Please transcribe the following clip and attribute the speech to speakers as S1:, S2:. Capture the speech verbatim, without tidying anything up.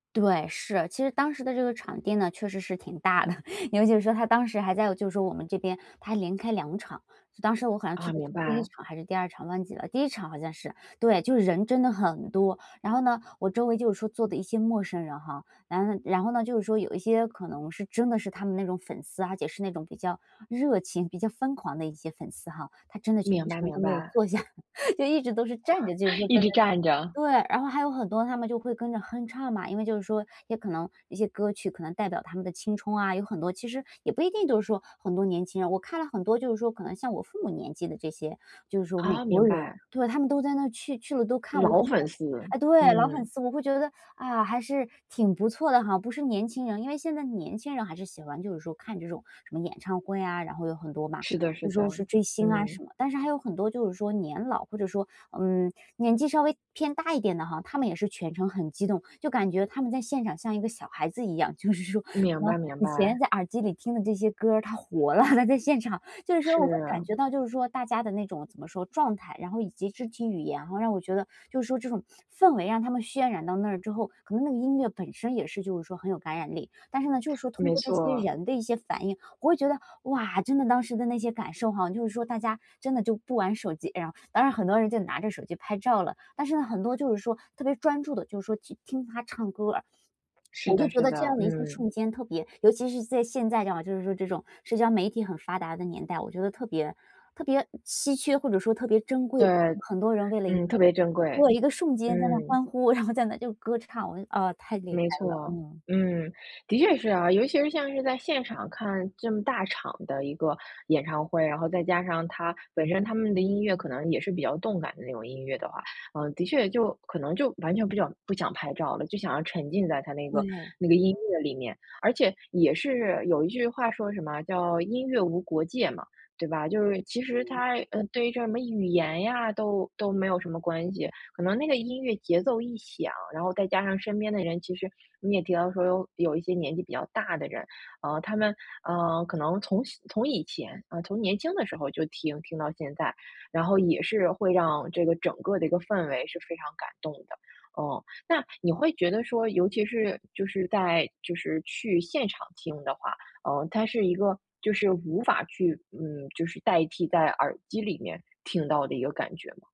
S1: 对，是。其实当时的这个场地呢，确实是挺大的，因为就是说，他当时还在就是说我们这边他连开两场。当时我好像去
S2: 啊，
S1: 的
S2: 明
S1: 是第一
S2: 白。
S1: 场还是第二场，忘记了。第一场好像是。对，就是人真的很多。然后呢，我周围就是说坐的一些陌生人哈，然后然后呢，就是说有一些可能是真的是他们那种粉丝，而且是那种比较热情、比较疯狂的一些粉丝哈。他真的全
S2: 明白
S1: 程
S2: 明
S1: 都没有
S2: 白。
S1: 坐下，就一直都是站着就是 说
S2: 一
S1: 在那
S2: 直站着。
S1: 对，然后还有很多他们就会跟着哼唱嘛，因为就是说，也可能一些歌曲可能代表他们的青冲啊，有很多其实也不一定都是说很多年轻人，我看了很多就是说可能像我父母年纪的这些，就是说美
S2: 啊，
S1: 国
S2: 明
S1: 人。
S2: 白。
S1: 对他们都在那去去了都看，我就
S2: 老
S1: 觉得
S2: 粉丝，
S1: 哎，对老粉
S2: 嗯。
S1: 丝，我会觉得，啊，还是挺不错的哈。不是年轻人，因为现在年轻人还是喜欢就是说，看这种什么演唱会啊，然后有很多嘛。
S2: 是的
S1: 就
S2: 是的，
S1: 说是追星啊
S2: 嗯。
S1: 什么。但是还有很多就是说，年老，或者说，嗯，年纪稍微偏大一点的哈，他们也是全程很激动，就感觉他们在现场像一个小孩子一样。就是说可
S2: 明
S1: 能
S2: 白明
S1: 以前
S2: 白。
S1: 在耳机里听的这些歌儿，它活了，它在现场。就是说我会感
S2: 是。
S1: 觉到就是说大家的那种怎么说，状态然后以及肢体语言哈，然后让我觉得就是说这种 氛围让他们渲染到那之后可能那个音乐本身也是就是说很有感染力，但是呢，就是说通
S2: 没
S1: 过这些
S2: 错。
S1: 人的一些反应，我会觉得，哇，真的当时的那些感受哈，就是说大家真的就不玩手机，然后当然很多人就拿着手机拍照了，但是呢，很多就是说，特别专注地就是说，去听他唱歌儿。
S2: 是
S1: 我就
S2: 的
S1: 觉
S2: 是
S1: 得这
S2: 的，
S1: 样的一个
S2: 嗯。
S1: 瞬间特别尤其是在现在这样，就是说这种社交媒体很发达的年代，我觉得特别特别稀缺或者说特别珍贵。
S2: 对。
S1: 很多人为了一个
S2: 嗯，特别珍贵，
S1: 对，一个瞬间在那
S2: 嗯。
S1: 欢呼，然后在那就歌唱，我就嗯，太厉
S2: 没
S1: 害了，
S2: 错，
S1: 嗯。
S2: 嗯。的确是啊。尤其是像是在现场看这么大场的一个演唱会，然后再加上它，本身他们的音乐可能也是比较动感的那种音乐的话，嗯，的确就可能就完全不想不想拍照了，就想要沉浸在它那个
S1: 对。
S2: 那个音乐里面。而且也是有一句话说什么叫“音乐无国界”嘛，对吧。就是其实
S1: 嗯。
S2: 它，嗯，对于这什么语言呀，都都没有什么关系。可能那个音乐节奏一响，然后再加上身边的人，其实你也提到说有有一些年纪比较大的人，嗯，他们，嗯，可能从小从以前，嗯，从年轻的时候就听听到现在，然后也是会让这个整个的一个氛围是非常感动的。嗯。那你会觉得说尤其是就是在就是去现场听的话，嗯，它是一个就是无法去，嗯，就是代替在耳机里面听到的一个感觉吗？